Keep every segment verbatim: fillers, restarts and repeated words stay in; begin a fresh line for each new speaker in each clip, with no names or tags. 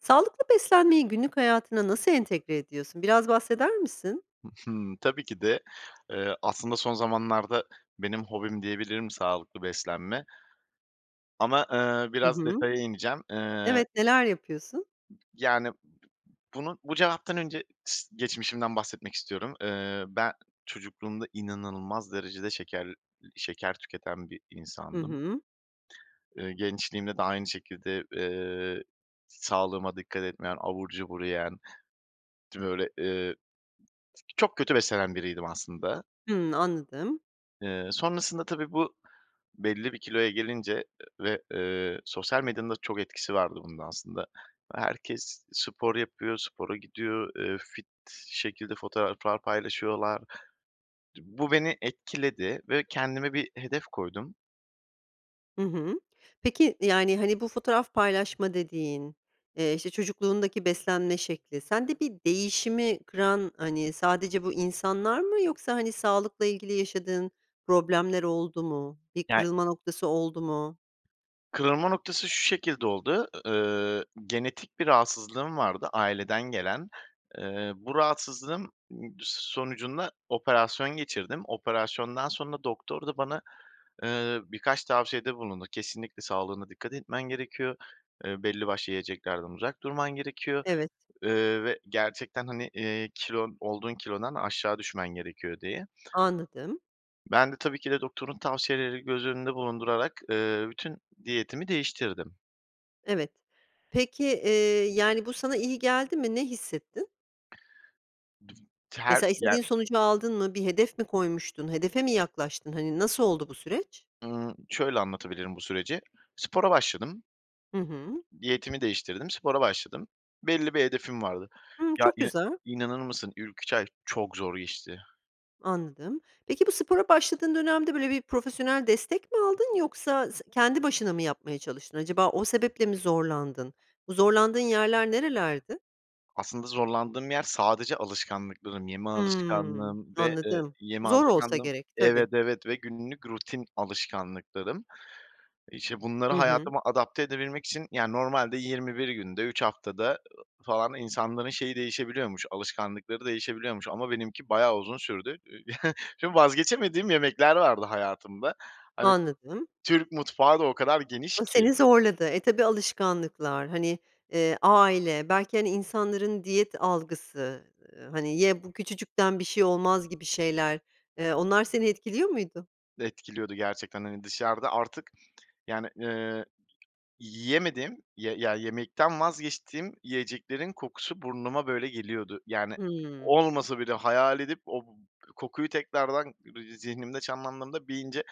Sağlıklı beslenmeyi günlük hayatına nasıl entegre ediyorsun? Biraz bahseder misin?
I hı, tabii ki de, eee, aslında son zamanlarda benim hobim diyebilirim sağlıklı beslenme ama, eee,
Hı
biraz
hı.
detaya ineceğim. Eee
Evet, neler yapıyorsun?
Yani, b bunu bu cevaptan önce s geçmişimden bahsetmek istiyorum. Eee, ben çocukluğumda inanılmaz derecede şeker iii, şeker tüketen bir
Hı
insandım.
hı.
Eee, gençliğimde de aynı şekilde, eee, sağlığıma dikkat etmeyen, abur cubur yiyen, böyle, eee çok kötü beslenen biriydim aslında.
Hıı, anladım.
Eee, sonrasında tabii, bu belli bir kiloya gelince, eee, ve, eee, sosyal medyanın da çok etkisi vardı bunun aslında. Herkes spor yapıyor, spora gidiyor, eee, fit şekilde fotoğraflar paylaşıyorlar. Di bu beni etkiledi ve kendime bir hedef koydum.
Hı hı. Peki, yani, hani, bu fotoğraf paylaşma dediğin, eee, işte, çocukluğundaki beslenme şekli, sende bir değişimi kıran, hani, sadece bu insanlar mı yoksa, hani, sağlıkla ilgili yaşadığın problemler oldu mu, bir
Ya
kırılma noktası oldu mu?
Kırılma noktası şu şekilde oldu, ııı, genetik bir rahatsızlığım vardı, aileden gelen. Eee, bu rahatsızlığım d sonucunda operasyon geçirdim. Operasyondan sonra doktor da bana, ııı, birkaç tavsiyede bulundu. Kesinlikle sağlığına dikkat etmen gerekiyor, eee, belli başlı yiyeceklerden uzak durman gerekiyor,
Evet.
ııı, ve gerçekten, hani, iii, kilon olduğun kilodan aşağı düşmen gerekiyor diye.
Anladım.
Ben de tabii ki de doktorun tavsiyelerini göz önünde bulundurarak, eee, bütün diyetimi değiştirdim.
Evet. Peki, eee, yani, bu sana iyi geldi mi? Ne hissettin?
[unintelligible] Ter
Mesela
Ya
istediğin sonucu aldın mı? Bir hedef mi koymuştun? Hedefe mi yaklaştın? Hani, nasıl oldu bu süreç?
Iıı, şöyle anlatabilirim bu süreci. Spora başladım.
Hı hı.
Diyetimi değiştirdim, spora başladım. Belli bir hedefim vardı.
Hımm,
Ya
çok
ina
güzel.
inanır mısın, ilk üç ay çok zor geçti.
Anladım. Peki, bu spora başladığın dönemde, böyle, bir profesyonel destek mi aldın yoksa se kendi başına mı yapmaya çalıştın? Acaba o sebeple mi zorlandın? Bu zorlandığın yerler nerelerdi?
Aslında zorlandığım yer sadece alışkanlıklarım. Yeme
Hıı,
alışkanlığım ve, ııı,
anladım.
yeme
Zor olsa
alışkanlığım.
gerek.
Evet,
Tabii.
evet, ve günlük rutin alışkanlıklarım. İşte, bunları
Hı hı.
hayatıma adapte edebilmek için, yani normalde yirmi bir günde, üç haftada ı falan insanların şeyi değişebiliyormuş, alışkanlıkları değişebiliyormuş ama benimki bayağı uzun sürdü. Şimdi vazgeçemediğim yemekler vardı hayatımda. Hani,
Anladım.
Türk mutfağı da o kadar geniş
O
ki.
seni zorladı. E, tabii alışkanlıklar, hani, eee, aile belki, hani, insanların diyet algısı, hani, "Ye, bu küçücükten bir şey olmaz." gibi şeyler. Eee, onlar seni etkiliyor muydu?
Etkiliyordu gerçekten. Hani, dışarıda artık, yani, eee, yiyemediğim, ya ye yemekten vazgeçtiğim yiyeceklerin kokusu burnuma, böyle, geliyordu. Yani,
Hıı.
olmasa bile hayal edip o b kokuyu tekrardan bı zihnimde canlandırıp iyice,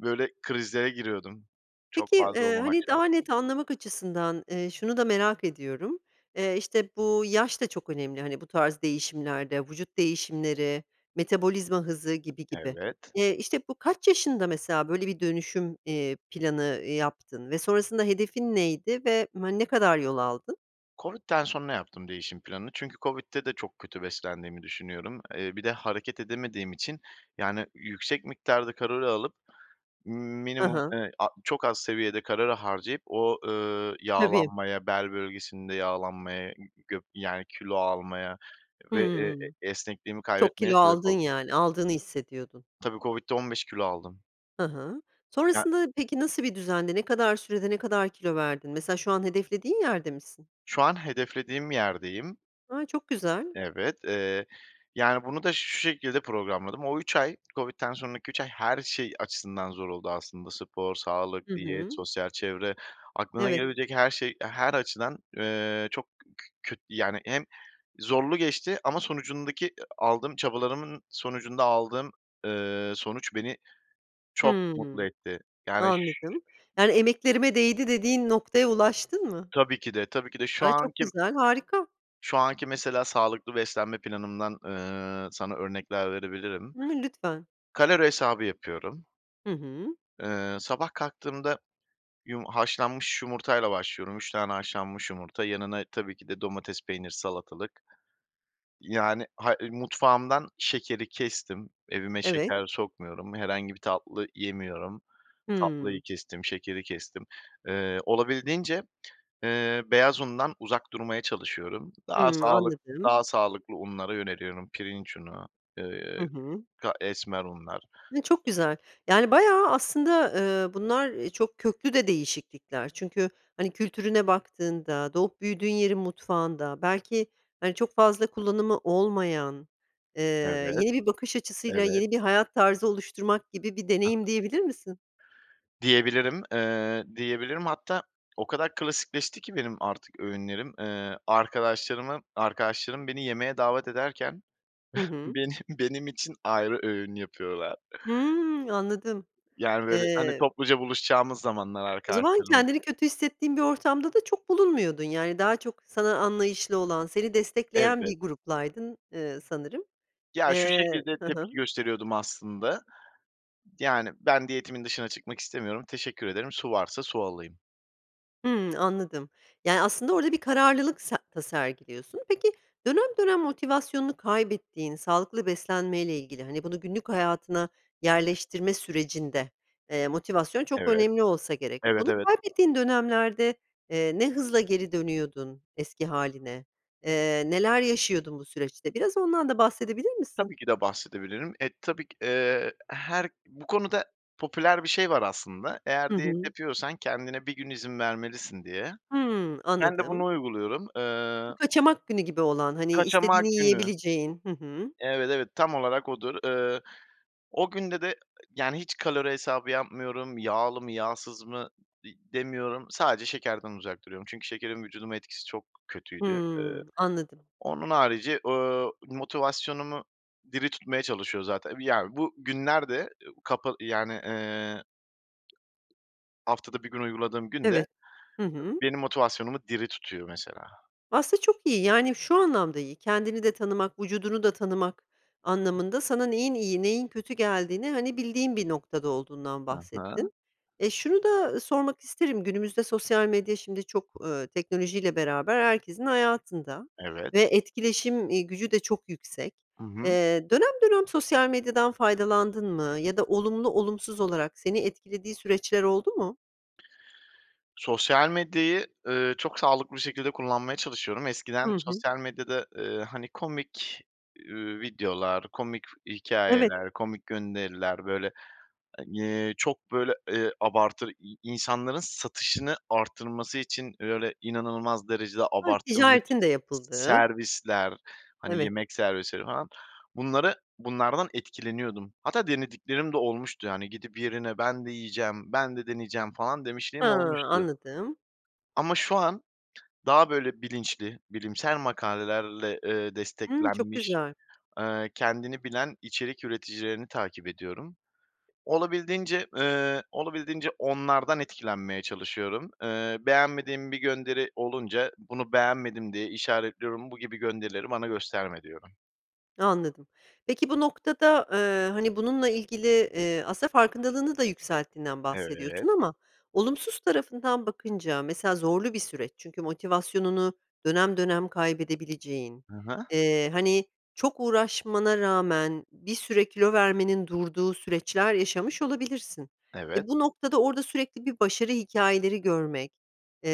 böyle, krizlere giriyordum. Çok
Peki,
fazla
eee,
olmamak
hani,
şart.
daha net anlamak açısından, eee, şunu da merak ediyorum. Eee, işte, bu yaş da çok önemli, hani, bu tarz değişimlerde, vücut değişimleri, metabolizma hızı gibi gibi.
Evet.
Eee, işte, bu kaç yaşında mesela, böyle, bir dönüşüm, eee, planı yaptın ve sonrasında hedefin neydi ve, hani, ne kadar yol aldın?
COVID'den sonra yaptım değişim planını çünkü COVID'de de çok kötü beslendiğimi düşünüyorum. Eee, bir de hareket edemediğim için, yani, yüksek miktarda kalori alıp,
Hı
minimum,
hı.
eee, a çok az seviyede kalori harcayıp o, ııı,
Tabii.
yağlanmaya, bel bölgesinde yağlanmaya, gö yani, kilo almaya ve, ııı,
Hıı.
e esnekliğimi
Çok
kaybetmeye
kilo
sebep
aldın
oldu.
yani, aldığını hissediyordun.
Tabii, COVID'de on beş kilo aldım.
Hı hı.
Ya
Sonrasında peki, nasıl bir düzendi? Ne kadar sürede, ne kadar kilo verdin? Mesela şu an hedeflediğin yerde misin?
Şu an hedeflediğim yerdeyim.
A, çok güzel.
Evet, eee, yani, bunu da şu şekilde programladım. O üç ay, COVID'den sonraki üç ay, her şey açısından zor oldu aslında. Spor,
Hı
sağlık, diyet,
hı.
sosyal çevre, aklına
Evet.
gelebilecek her şey, eee, her açıdan, eee, çok k kö köt yani, hem zorlu geçti ama sonucundaki e aldığım çabalarımın sonucunda aldığım, eee, sonuç beni çok mutlu
Hımm.
etti. Yani, ş
Anladım. Yani emeklerime değdi dediğin noktaya ulaştın mı?
Tabii ki de, tabii ki de şu
Ay, çok
anki
güzel, harika.
Şu anki mesela sağlıklı beslenme planımdan, eee, sana örnekler verebilirim.
[unintelligible] Lütfen.
Kalori hesabı yapıyorum.
Hı hı.
Eee, sabah kalktığımda yum haşlanmış yumurtayla başlıyorum, üç tane haşlanmış yumurta, yanına tabii ki de domates, peynir, salatalık. Yani, hay ııı, mutfağımdan şekeri kestim, evime
Evet.
şeker sokmuyorum. Herhangi bir tatlı yemiyorum, tatlıyı
Hıı.
kestim, şekeri kestim. Eee, olabildiğince, eee, beyaz undan uzak durmaya çalışıyorum. Daha
Hıı.
sağlık
Anladım.
daha sağlıklı unlara yöneliyorum, pirinç unu,
Hı
eee,
hı.
ka esmer unlar.
E, çok güzel. Yani, bayağı aslında, eee, bunlar, eee, çok köklü de değişiklikler. Çünkü, hani, kültürüne baktığında, doğup büyüdüğün yerin mutfağında, belki, hani, çok fazla kullanımı olmayan, eee,
Evet,
yeni bir bakış açısıyla
evet.
yeni bir hayat tarzı oluşturmak gibi bir deneyim
[unintelligible]
diyebilir misin?
Diyebilirim, eee, diyebilirim hatta o kadar klasikleşti ki artık benim öğünlerim, eee, arkadaşlarımı arkadaşlarım yemeğe davet ederken
Hı hı.
beni benim için ayrı öğün yapıyorlar.
Hımm. Anladım.
Yani, böyle, hani,
Eee
topluca buluşacağımız zamanlar
O zaman
arkadaşlarımız.
kendini kötü hissettiğin bir ortamda da çok bulunmuyordun, yani, daha çok sana anlayışlı olan, seni destekleyen
Evet.
bir gruplaydın, eee, sanırım.
Ya, şu
Eee
şekilde
Hı
tepki
hı.
gösteriyordum aslında, yani, ben diyetimin dışına çıkmak istemiyorum, teşekkür ederim, su varsa su alayım.
Hımm. Anladım, yani, aslında orada bir kararlılık se sergiliyorsun. Peki, dönem dönem motivasyonunu kaybettiğin, sağlıklı beslenmeyle ilgili, hani, bunu günlük hayatına yerleştirme sürecinde, eee, motivasyon çok
Evet,
önemli olsa gerek.
evet,
Bunu
evet.
kaybettiğin dönemlerde, eee, ne hızla geri dönüyordun eski hâline? Eee, neler yaşıyordun bu süreçte? Biraz ondan da bahsedebilir misin?
Tabii ki de bahsedebilirim. E, tabii ki, eee, her Bu konuda popüler bir şey var aslında. Eğer
Hı
diyet
hı.
yapıyorsan, kendine bir gün izin vermelisin, diye.
Hımm.
Ben de bunu
Anladım.
uyguluyorum. Eee
Bu kaçamak günü gibi olan, hani, istediğini
Kaçamak günü.
yiyebileceğin, hı hı.
Evet, evet, tam olarak odur. Iıı, o günde de, yani, hiç kalori hesabı yapmıyorum, yağlı mı, yağsız mı di demiyorum, sadece şekerden uzak duruyorum çünkü şekerin vücuduma etkisi çok kötüydü. Eee,
Hımm. Anladım.
onun harici, ııı, motivasyonumu diri tutmaya çalışıyor zaten. Ya, bu günlerde, kapı, yani ııı haftada bir gün uyguladığım gün de
Evet. Hı hı.
benim motivasyonumu diri tutuyor, mesela.
Aslında çok iyi, yani şu anlamda iyi. Kendini de tanımak, vücudunu da tanımak anlamında, sana neyin iyi, neyin kötü geldiğini, hani, bildiğin bir noktada olduğundan
Hı hı.
bahsettin. E, şunu da sormak isterim, günümüzde sosyal medya, şimdi, çok, ııı, teknolojiyle beraber herkesin hayatında
Evet.
ve etkileşim, eee, gücü de çok yüksek.
I hı.
Eee, dönem dönem sosyal medyadan faydalandın mı ya da olumlu, olumsuz olarak seni etkilediği süreçler oldu mu?
Sosyal medyayı, ııı, çok sağlıklı bir şekilde kullanmaya çalışıyorum.
Hı
Eskiden
hı.
sosyal medyada, eee, hani, komik, ııı, videolar, komik
Evet.
hikâyeler, komik gönderiler, böyle, hani, çok, böyle, eee, abartır i insanların satışını arttırması için, böyle, inanılmaz derecede
Hah.
abartılmış
Ticaretin de yapıldığı.
servisler, hani,
Evet.
yemek servisleri falan. Bunları bunlardan etkileniyordum. Hatta denediklerim de olmuştu, hani, gidip yerine ben de yiyeceğim, ben de deneyeceğim falan
Ha,
demişliğim olmuştu.
anladım.
Ama şu an daha böyle bilinçli, bilimsel makalelerle, eee,
Hımm. Çok
desteklenmiş,
güzel.
eee, kendini bilen içerik üreticilerini takip ediyorum. Olabildiğince, ııı, olabildiğince onlardan etkilenmeye çalışıyorum. Eee, beğenmediğim bir gönderi olunca, bunu beğenmedim diye işaretliyorum bu gibi gönderileri bana gösterme, diyorum.
Anladım. Peki bu noktada, eee, hani, bununla ilgili, eee, aslında farkındalığını da yükselttiğinden
Evet.
bahsediyorsun ama olumsuz tarafından bakınca mesela zorlu bir süreç. Çünkü motivasyonunu dönem dönem kaybedebileceğin,
Hı hı.
eee, hani, çok uğraşmana rağmen bir süre kilo vermenin durduğu süreçler yaşamış olabilirsin.
Evet.
E, bu noktada orada sürekli bir başarı hikâyeleri görmek, eee,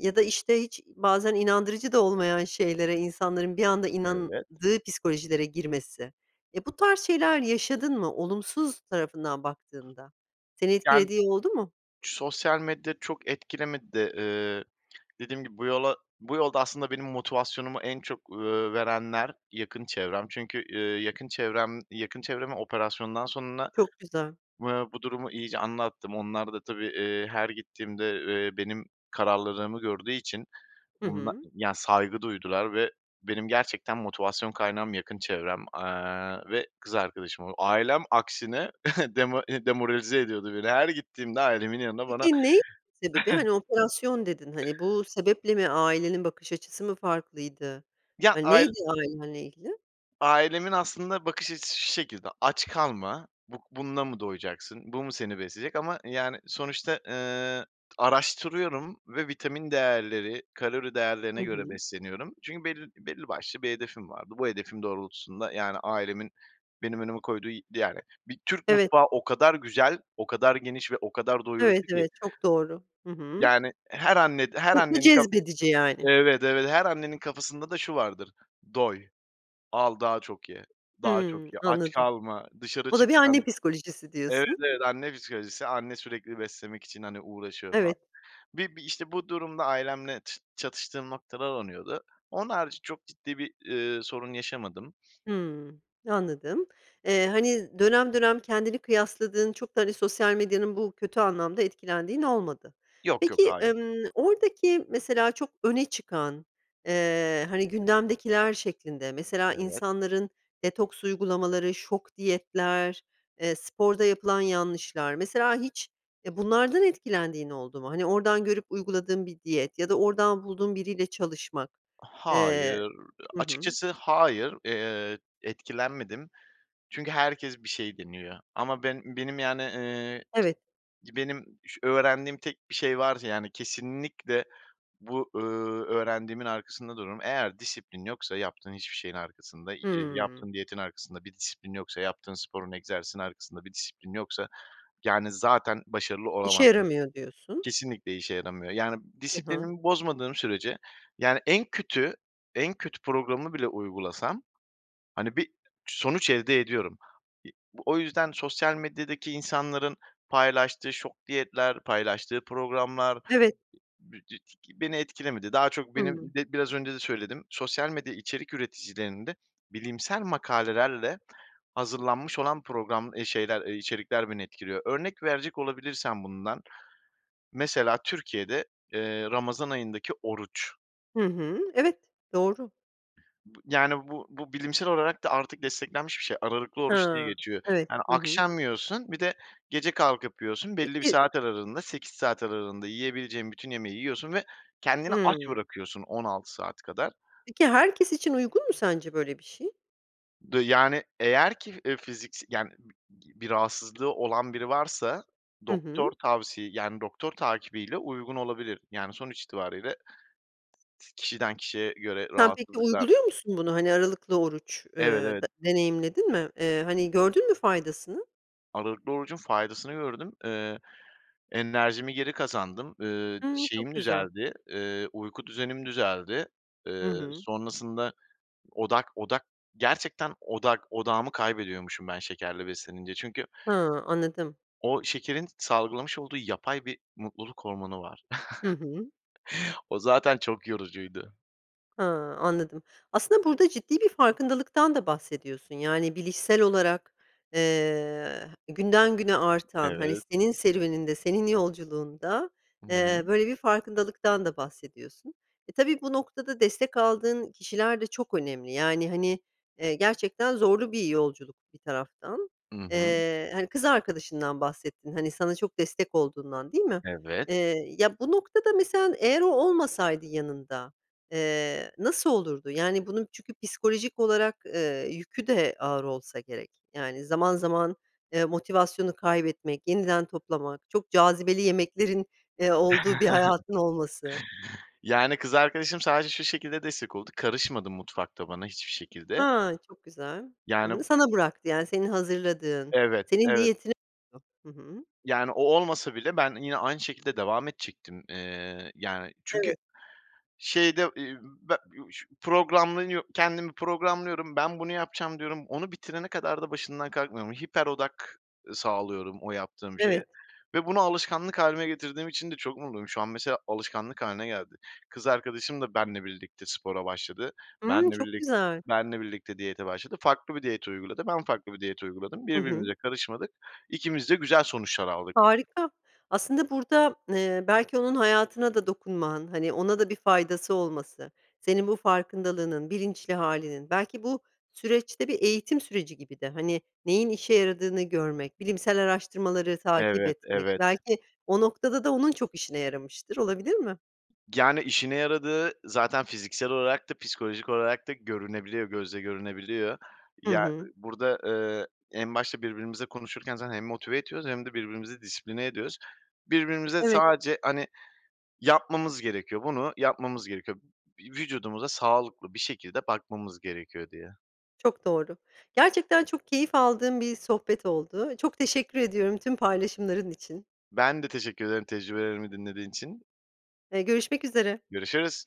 ya da, işte, hiç bazen inandırıcı da olmayan şeylere insanların bir anda
Evet.
inandığı psikolojilere girmesi, eee, bu tarz şeyler yaşadın mı olumsuz tarafından baktığında? Seni
Yan
etkilediği oldu mu?
sosyal medya çok etkilemedi de, eee, dediğim gibi bu yola bu yolda aslında benim motivasyonumu en çok, ııı, verenler yakın çevrem. Çünkü, eee, yakın çevrem yakın çevreme operasyondan sonra,
Çok güzel.
eee, bu durumu iyice anlattım. Onlar da tabii, eee, her gittiğimde, eee, benim kararlılığımı gördüğü için
Hı
bunda
hı.
ya saygı duydular ve benim gerçekten motivasyon kaynağım yakın çevrem, eee, ve kız arkadaşım ol Ailem aksine demo demoralize ediyordu beni. Her gittiğimde ailemin yanına bana
Peki, neydi sebebi? Hani, operasyon dedin, hani, bu sebeple mi? Ailenin bakış açısı mı farklıydı?
Ya,
Hani,
ail
neydi ailenle ilgili?
Ailemin aslında bakış açısı şu şekilde, aç kalma, buh bununla mı doyacaksın, bu mu seni besleyecek? Ama, yani, sonuçta, ııı, araştırıyorum ve vitamin değerleri, kalori değerlerine
Hı
göre
hı.
besleniyorum. Çünkü bel belli başlı bir hedefim vardı. Bu hedefim doğrultusunda, yani, ailemin benim önüme koyduğu y yani, bir Türk
Evet.
mutfağı o kadar güzel, o kadar geniş ve o kadar
Evet,
doyurucu ki.
evet. Çok doğru. Hı hı.
Yani, her anne her
Çok mu
annenin ka
cezbedici yani?
Evet, evet her annenin kafasında da şu vardır, "doy, al daha çok ye, daha
Hımm.
çok ye, aç
Anladım.
kalma" dışarı
O da bir anne
çıkacağım
psikolojisi
Evet,
diyorsun.
evet, anne psikolojisi anne sürekli beslemek için, hani, uğraşıyor falan.
Evet.
Bir bir, işte, bu durumda ailemle ç çatıştığım noktalar onuyordu. Onun harici çok ciddi bir, eee, sorun yaşamadım.
Hımm. Anladım. Eee, hani, dönem dönem kendini kıyasladığın, çok da, hani, sosyal medyanın bu kötü anlamda etkilendiğin olmadı.
Yok, yok,
Peki,
hayır.
emm, oradaki mesela çok öne çıkan, eee, hani, gündemdekiler şeklinde mesela
Evet.
insanların detoks uygulamaları, şok diyetler, eee, sporda yapılan yanlışlar. Mesela hiç, eee, bunlardan etkilendiğin oldu mu? Hani, oradan görüp uyguladığın bir diyet ya da oradan bulduğun biriyle çalışmak. Eee.
Hayır.
Hı hı.
Açıkçası hayır. Eee, etkilenmedim. Çünkü herkes bir şey deniyor. Ama ben benim, yani, eee,
Evet.
benim ş öğrendiğim tek bir şey varsa, yani, kesinlikle bu, ııı, öğrendiğimin arkasında dururum. Eğer disiplin yoksa yaptığın hiçbir şeyin arkasında, y
Hımm.
yaptığın diyetin arkasında bir disiplin yoksa, yaptığın sporun, egzersizin arkasında bir disiplin yoksa, yani, zaten başarılı
İşe
olamazsın.
yaramıyor diyorsun.
Kesinlikle işe yaramıyor. Yani,
Hı hı.
disiplinimi bozmadığım sürece, yani, en kötü, en kötü programını bile uygulasam, hani, bir sonuç elde ediyorum. İ o yüzden sosyal medyadaki insanların paylaştığı şok diyetler, paylaştığı programlar
Evet.
[unintelligible] beni etkilemedi. Daha çok benim,
Hımm.
be biraz önce de söyledim, sosyal medya içerik üreticilerinde bilimsel makalelerle hazırlanmış olan program, eee, şeyler, eee, içerikler beni etkiliyor. Örnek verecek olabilirsem bundan mesela Türkiye'de, eee, Ramazan ayındaki oruç.
Hı hı. Evet. Doğru.
Bı yani, bu bu bilimsel olarak da artık desteklenmiş bir şey, aralıklı oruç diye
Hıı.
geçiyor.
Evet.
Yani
Hı hı.
akşam yiyorsun, bir de gece kalkıp yiyorsun, belli bir
Peki
saat aralığında, sekiz saat aralığında yiyebileceğin bütün yemeği yiyorsun ve kendini aç
Hımm.
bırakıyorsun on altı saat kadar.
Peki, herkes için uygun mu sence böyle bir şey?
Dı yani, eğer ki, eee, fizikse yani, [unintelligible] bir rahatsızlığı olan biri varsa
Hı
doktor
hı.
tavsi yani, doktor takibiyle uygun olabilir. Yani sonuç itibariyle t kişiden kişiye göre
Sen peki,
rahatsızlıklar
uyguluyor musun bunu? Hani, aralıklı oruç, eee,
Evet, evet.
d deneyimledin mi? Eee, hani, gördün mü faydasını?
Aralıklı orucun faydasını gördüm. Eee, enerjimi geri kazandım. Iıı,
Hımm.
şeyim
Çok güzel.
düzeldi, eee, uyku düzenim düzeldi.
Hı
Eee,
hı.
sonrasında odak odak gerçekten odak odağımı kaybediyormuşum ben şekerle beslenince. Çünkü
Hıı, anladım.
o şekerin salgılamış olduğu yapay bir mutluluk hormonu var.
Hı hı.
O zaten çok yorucuydu.
Ha, anladım. Aslında burada ciddi bir farkındalıktan da bahsediyorsun, yani, bilişsel olarak, eee, günden güne artan, hani,
Evet.
senin serüveninde, senin yolculuğunda,
Hı hı.
eee, böyle, bir farkındalıktan da bahsediyorsun. E, tabii bu noktada destek aldığın kişiler de çok önemli. Yani, hani, eee, gerçekten zorlu bir yolculuk bir taraftan.
I hı.
Eee, hani, kız arkadaşından bahsettin, hani, sana çok destek olduğundan, değil mi?
Evet.
Eee, ya bu noktada mesela eğer o olmasaydı yanında, eee, nasıl olurdu? Yani, bunun çünkü psikolojik olarak, eee, yükü de ağır olsa gerek. Yani, zaman zaman, eee, motivasyonu kaybetmek, yeniden toplamak, çok cazibeli yemeklerin, eee, olduğu bir hayatın olması...
Yani, kız arkadaşım sadece şu şekilde destek oldu, karışmadı mutfakta bana hiçbir şekilde.
Ha, çok güzel. Hı
Yani
hı, sana bıraktı, yani, senin hazırladığın.
Evet,
Senin
evet.
diyetine [unintelligible] Hı hı.
Yani, o olmasa bile ben yine aynı şekilde devam edecektim. Eee, yani, çünkü
Evet.
şeyde, iii, be [unintelligible] programlanıyor kendimi programlıyorum, "Ben bunu yapacağım." diyorum. Onu bitirene kadar da başından kalkmıyorum. Hiper odak sağlıyorum o yaptığım şeye
Evet.
ve bunu alışkanlık hâline getirdiğim için de çok mutluyum. Şu an mesela alışkanlık hâline geldi. Kız arkadaşım da benle birlikte spora başladı,
Hımm.
benle
Çok
birlik
güzel.
benle birlikte diyete başladı, farklı bir diyet uyguladı. Ben farklı bir diyet uyguladım,
Hı hı.
birbirimize karışmadık, ikimiz de güzel sonuçlar aldık.
Harika, aslında burada, eee, belki onun hayatına da dokunman, hani, ona da bir faydası olması, senin bu farkındalığının, bilinçli hâlinin, belki bu süreç de bir eğitim süreci gibi de, hani, neyin işe yaradığını görmek, bilimsel araştırmaları takip
Evet,
etmek,
evet.
belki o noktada da onun çok işine yaramıştır, olabilir mi?
Yani, işine yaradığı zaten fiziksel olarak da psikolojik olarak da görünebiliyor gözle görünebiliyor.
Hı
Ya
hı.
burada, eee, en başta birbirimizle konuşurken zaten hem motive ediyoruz hem de birbirimizi disipline ediyoruz. Birbirimize
Evet.
sadece, hani, "Yapmamız gerekiyor, bunu yapmamız gerekiyor. V vücudumuza sağlıklı bir şekilde bakmamız gerekiyor." diye.
Çok doğru, gerçekten çok keyif aldığım bir sohbet oldu. Çok teşekkür ediyorum tüm paylaşımların için.
Ben de teşekkür ederim tecrübelerimi dinlediğin için.
Eee, görüşmek üzere.
Görüşürüz.